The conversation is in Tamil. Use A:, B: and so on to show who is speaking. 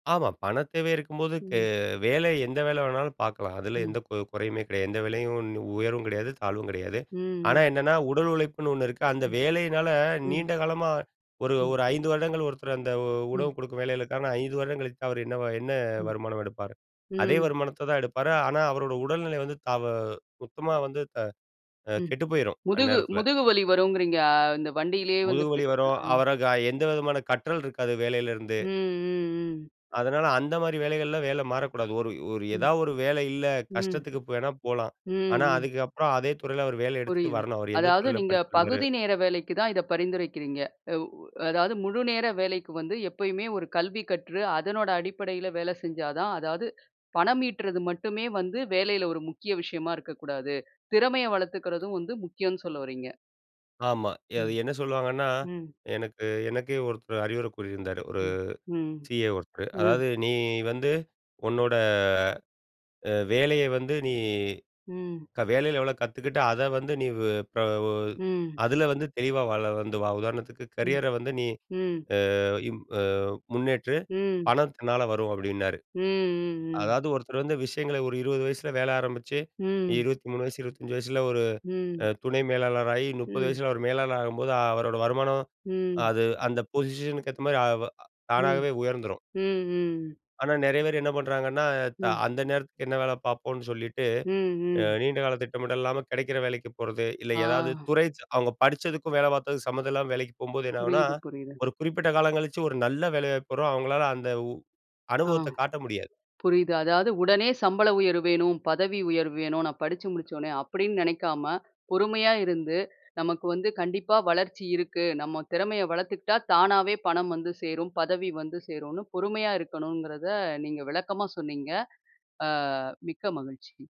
A: ஆமா. பணத் தேவை இருக்கும்போது, கே
B: ம்.
A: வேலை எந்த வேல வேணாலும் பாக்கலாம். அதில எந்த
B: ம்.
A: கு குறையுமே கிடையாது. எந்த வேலையும் ஒண்ணு உயர்வும் கிடையாது, தாழ்வும் கிடையாது.
B: ம்,
A: ஆனா
B: ம்.
A: என்னன்னா, உடல் உழைப்புன்னு ஒண்ணு இருக்கு. அந்த
B: ம்.
A: வேலையினால,
B: ம்.
A: நீண்ட காலமா ஒரு
B: ம்.
A: ஒரு 5 வருடங்கள், ஒருத்தர் அந்த உணவு
B: ம்.
A: குடுக்கும் வேலைகளுக்கான, 5 வருடம் கழித்து அவர் என்ன வ என்ன
B: ம்.
A: வருமானம் எடுப்பார். அதே
B: ம்.
A: வருமானத்த தான் எடுப்பாரு, ஆனா, அவரோட உடல்நிலை வந்து தாவ சுத்தமா வந்து த அ,
B: ம்.
A: கெட்டு போயிரும்,
B: முதுகு,
A: அந்நேரத்தில.
B: முதுகு வலி வருங்கிறீங்க. அ, இந்த வண்டியிலேயே வந்து,
A: முதுகு வலி
B: போயிட்டு இருந்தா?
A: வரும்.
B: அ.
A: அவர எந்த விதமான கற்றல் இருக்காது, வேலைல இருந்து.
B: ம், ம், ம்.
A: அதனால, அந்த மாரி வேலைகள்லாம் வேல மாறக்கூடாது. ஒரு, ஒரு
B: ம்.
A: ஏதாவது ஒரு, வேலை இல்ல.
B: ம்.
A: கஷ்டத்துக்கு வேணா போலாம்.
B: ம்,
A: ஆனா,
B: ம்.
A: அதுக்கப்புறம் அதே துறையில, அவர் வேலை எடுத்துட்டு
B: புரியுது.
A: வரணும். அவர் எந்த
B: அதாவது
A: துறையில
B: நீங்க,
A: படிச்சிருந்தாரு.
B: பகுதி நேர வேலைக்கு தான், இத பரிந்துரைக்கிறீங்க. அவ் அதாவது முழு நேர வேலைக்கு வந்து, எப்பயுமே ஒரு கல்வி கற்று, அதனோட அடிப்படையில வேல செஞ்சா தான், அதாது பணம் ஈட்றது மட்டுமே வந்து, வேலையில ஒரு முக்கிய விஷயமா இருக்க கூடாது. திறமைய வளத்துக்கறதும் வந்து, முக்கியனு சொல்லவறீங்க.
A: ஆமா. அது
B: ம்.
A: என்ன சொல்லுவாங்கன்னா,
B: ம்.
A: எனக்கு எனக்கே ஒருத்தர் அறிவுரை கூறியிருந்தாரு. ஒரு
B: ம். ம்.
A: சிஏ ஒருத்தர்.
B: ம்.
A: அதாவது நீ வந்து, உன்னோட, அ வேலய வந்து நீ
B: ம்.
A: வேலயில எவ்வளோ கத்துக்கிட்டு, அத வந்து நீ, ப
B: ம்.
A: அதில வந்து, தெளிவா வாழ வந்து வா உதாரணத்துக்கு
B: ம்.
A: கரியர வந்து நீ,
B: ம்.
A: அ, இம் ப முன்னேற்று.
B: ம்.
A: பணம் தன்னால வரும் அப்டின்னாரு.
B: ம், ம், ம்.
A: அதாவது ஒருத்தர் வந்து, விஷயங்கள ஒரு 20 வயசில வேல ஆரம்பிச்சு,
B: ம்.
A: 23, 25 வயசுல, ஒரு அ
B: ம்.
A: துணை மேலாளராகி, 30
B: ம்.
A: வயசுல அவர் மேலாளர் ஆகும்போது, அவரோட வருமானம்,
B: ம்.
A: அது அந்த பொசிஷனுக்கு ஏத்த மாரி, அவ்
B: ம்.
A: தானாகவே உயர்ந்துரும்.
B: ம். ம்.
A: ஆனா, நெறைய பேர் என்ன பண்றாங்கன்னா, த
B: ம்.
A: அந்த நேரத்துக்கு என்ன வேல பாப்போனு சொல்லிட்டு,
B: ம்.
A: அ,
B: ம்.
A: நீண்ட கால திட்டமிட இல்லாம, கிடைக்கிற வேலைக்கு போறது. இல்ல,
B: ஆ.
A: ஏதாவது துறை அவங்க படிச்சதுக்கும், வேல பாத்ததுக்கு சம்மதம் இல்லாம வேலைக்கு போம்போது என்னனாகுனா,
B: புரியுது, புரியுது.
A: ஒரு குறிப்பிட்ட காலங் கழிச்சு, ஒரு நல்ல வேலை வாய்ப்பு வரும். அவங்களால அந்த
B: ஆ,
A: அனுபவத்தைக் காட்ட முடியாது.
B: புரியுது. அதாவது, உடனே சம்பள உயர்வு வேணும். பதவி உயர்வு வேணும். நான் படுச்சு முடுச்ச உடனே. அப்டின்னு நெனைக்காம, பொறுமையா இருந்து, நமக்கு வந்து கண்டிப்பா வளர்ச்சி இருக்கு. நம்ம திறமைய வளத்துக்கிட்டா, தானாவே பணம் வந்து சேரும். பதவி வந்து சேருன்னு, பொறுமையா இருக்கணுங்கிறத, நீங்க விளக்கமா சொன்னீங்க. அ, மிக்க மகிழ்ச்சி.